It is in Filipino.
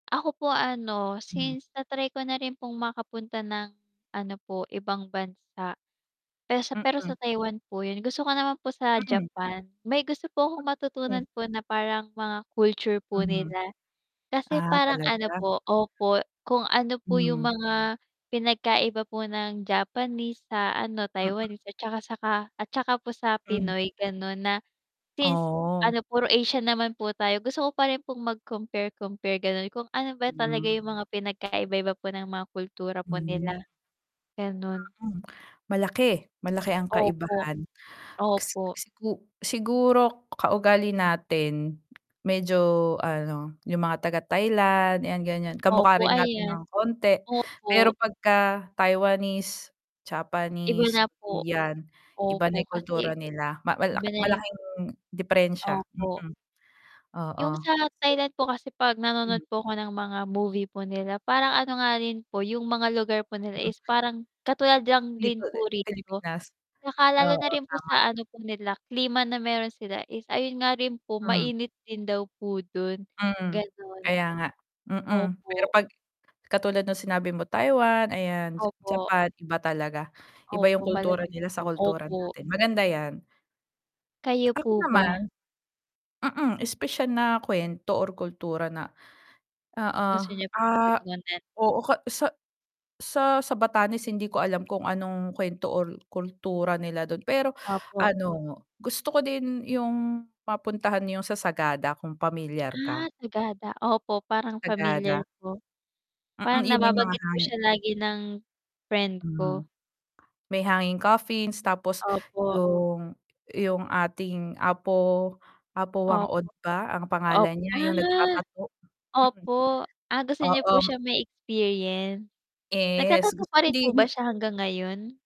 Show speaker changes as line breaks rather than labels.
Ako po ano,
Hmm.
since na-try ko na rin pong makapunta ng ano po ibang bansa, pero sa pero
Mm.
sa Taiwan po 'yon, gusto ko naman po sa
Hmm.
Japan. May gusto po akong
Hmm.
matutunan po na parang mga culture po
Mhm.
nila. Kasi
Ah,
parang ano
talaga?
po, opo, kung ano po 'yong
Mhm.
mga pinagkaiba po ng Japanese sa ano
Mm.
Taiwanese at 'saka sa at 'saka po sa
Mhm.
Pinoy gano'n, na since
Oo.
ano puro Asian naman po tayo gusto ko pa rin pong mag-compare compare gano'n, kung ano ba talaga
Hmm.
'yong mga pinagkaiba-iba po ng mga kultura po
Hmm.
nila.
Ah,
Gano'n.
um, malaki, malaki ang
Opo.
kaibahan. Kas
Opo.
kasi sigu siguro kaugali natin, medyo ano, 'yong mga taga-Thailand, 'yan gan'yan, kamukha
Opo,
rin natin
ayan.
ng konti, pero
Opo.
pagka-Taiwanese,
Iba
Japanese,
na po,
Korean, iba na
opo
'yong
kasi
kultura nila ma mala
Iba na rin
malaking diperensya,
Opo.
mm.
'Yong
Oo.
sa Thailand po kasi 'pag nanonood
Hm
po ako ng mga movie po nila, parang ano nga rin po 'yong mga lugar po nila is parang katulad lang rin po
[unintelligible]
rito,
Pilipinas.
'saka lalo na
Oo,
rin po
tama.
sa ano po nila, klima na meron sila is ayon nga rin po,
Hmm.
mainit din daw po do'n,
Mm,
gano'n.
kaya nga. Mm. Pero
Opo.
'pag katulad no'ng sinabi mo, Taiwan ayan, Ja
Opo.
Japan iba talaga, iba
Opo
'yong kultura
malamig
nila
po.
sa kultura
Opo.
natin, maganda 'yan.
Kayo
Ako
po ba?
naman Mm. espesyal na k'wento or kultura na oo,
Gusto n'yo po
ah,
matutunan?
oo ka sa sa sa Batanes hindi ko alam kung anong k'wento or kultura nila do'n, pero
Opo.
ano gusto ko din 'yong mapuntahan 'yong sa Sagada, kung pamilyar ka.
Ah, Sagada, opo parang familiar
Sagada.
po.
Mm,
Parang
'yong may mga
nababanggit po
hanging
siya lagi ng friend ko.
Mm, may hanging coffins, tapos
Opo.
'yong 'yong ating Apo Apo Wang
Opo.
Od ba ang
Op
pangalan niya, 'yong
Ah,
nag-tatattoo? Hmm.
opo, ah, gusto niyo po
Oo.
siya ma-experience?
Yes.
Nagta-tattoo
Gus
pa rin
hindi
po ba
rin
siya hanggang ngayon?